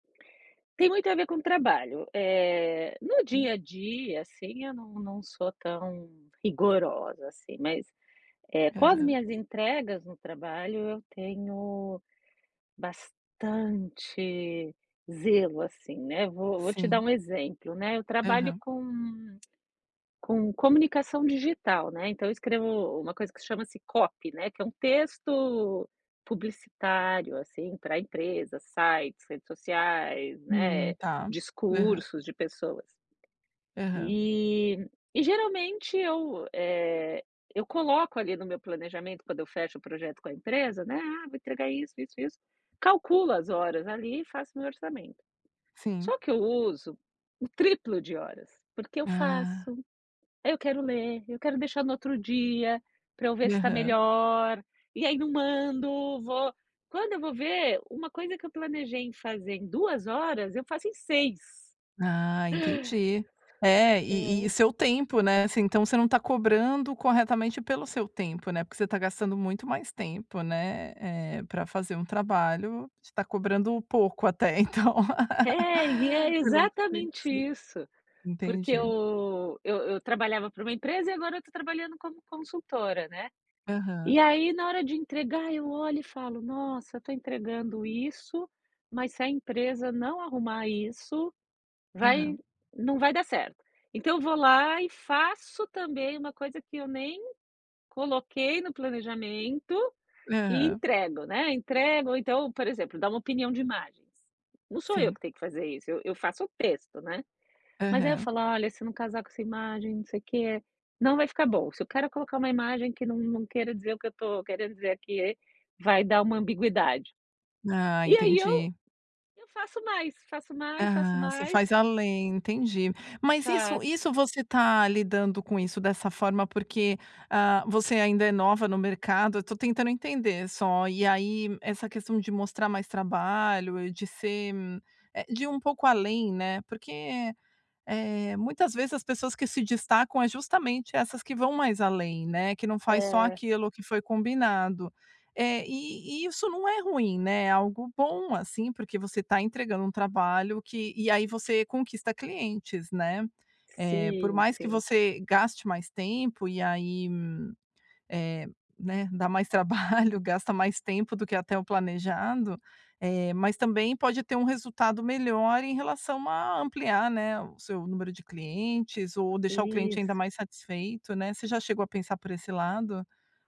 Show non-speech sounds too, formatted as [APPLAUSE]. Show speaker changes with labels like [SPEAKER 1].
[SPEAKER 1] Tem muito a ver com trabalho, eh, no
[SPEAKER 2] Hum.
[SPEAKER 1] dia a dia assim eu não não sou tão rigorosa assim mas, eh, com as
[SPEAKER 2] Aham.
[SPEAKER 1] minhas entregas no trabalho eu tenho bastante zelo assim, né, vou vou te dar
[SPEAKER 2] Sim.
[SPEAKER 1] um exemplo, né, eu trabalho
[SPEAKER 2] Aham.
[SPEAKER 1] com [CLICKS TONGUE] com comunicação digital, né, então eu escrevo uma coisa que chama-se copy, né, que é um texto publicitário, assim, para empresas, sites, redes sociais,
[SPEAKER 2] Hum
[SPEAKER 1] né,
[SPEAKER 2] está, aham.
[SPEAKER 1] discursos de pessoas.
[SPEAKER 2] Aham.
[SPEAKER 1] E e geralmente eu, eh, eu coloco ali no meu planejamento quando eu fecho o projeto com a empresa, né, ah, vou entregar isso isso isso, calculo as horas ali e faço o meu orçamento,
[SPEAKER 2] Sim.
[SPEAKER 1] só que eu uso o triplo de horas, porque eu
[SPEAKER 2] Ah.
[SPEAKER 1] faço, eu quero ler, eu quero deixar no outro dia, para eu ver se está
[SPEAKER 2] Aham.
[SPEAKER 1] melhor, e aí não mando, vou quando eu vou ver, uma coisa que eu planejei em fazer em 2 horas, eu faço em 6.
[SPEAKER 2] Ah, entendi, é e e
[SPEAKER 1] É.
[SPEAKER 2] seu tempo, né, assim então você não tá cobrando corretamente pelo seu tempo, né, porque você tá gastando muito mais tempo, né, é para fazer um trabalho você tá cobrando pouco até então,
[SPEAKER 1] É,
[SPEAKER 2] [LAUGHS]
[SPEAKER 1] e é exatamente
[SPEAKER 2] [UNINTELLIGIBLE]
[SPEAKER 1] isso, porque
[SPEAKER 2] entendi.
[SPEAKER 1] eu eu eu trabalhava para uma empresa e agora eu estou trabalhando como consultora, né,
[SPEAKER 2] Aham.
[SPEAKER 1] e aí na hora de entregar eu olho e falo: "Nossa eu estou entregando isso, mas se a empresa não arrumar isso, vai
[SPEAKER 2] Aham.
[SPEAKER 1] não vai dar certo", então eu vou lá e faço também uma coisa que eu nem coloquei no planejamento, e
[SPEAKER 2] Aham.
[SPEAKER 1] entrego, né, entrego ou então, por exemplo, dar uma opinião de imagens, não sou eu
[SPEAKER 2] Sim.
[SPEAKER 1] que tenho que fazer isso eu eu faço o texto, né, mas aí eu
[SPEAKER 2] Aham.
[SPEAKER 1] falo: "Olha se não casar com essa imagem não sei o que, não vai ficar bom, se o cara colocar uma imagem que não não queira dizer o que eu estou, queira dizer aqui, vai dar uma ambiguidade",
[SPEAKER 2] Ah,
[SPEAKER 1] e aí eu
[SPEAKER 2] entendi.
[SPEAKER 1] eu faço mais, faço mais, faço
[SPEAKER 2] Aham, você
[SPEAKER 1] mais
[SPEAKER 2] faz além entendi, mas isso
[SPEAKER 1] faço.
[SPEAKER 2] isso você está lidando com isso dessa forma, porque, ah, você ainda é nova no mercado eu estou tentando entender só, e aí essa questão de mostrar mais trabalho e de ser, eh, de ir um pouco além, né, porque, eh, muitas vezes as pessoas que se destacam é justamente essas que vão mais além, né, que não faz só
[SPEAKER 1] É.
[SPEAKER 2] aquilo que foi combinado, eh, e e isso não é ruim, né, é algo bom assim, porque você está entregando um trabalho que e aí você conquista clientes, né, eh, por
[SPEAKER 1] Sim,
[SPEAKER 2] mais que
[SPEAKER 1] sim.
[SPEAKER 2] você gaste mais tempo e aí, eh, né, dá mais trabalho, gasta mais tempo do que até o planejado, eh, mas também pode ter um resultado melhor em relação a ampliar, né, o seu número de clientes ou deixar o cliente ainda
[SPEAKER 1] Isso.
[SPEAKER 2] mais satisfeito, né, você já chegou a pensar por esse lado?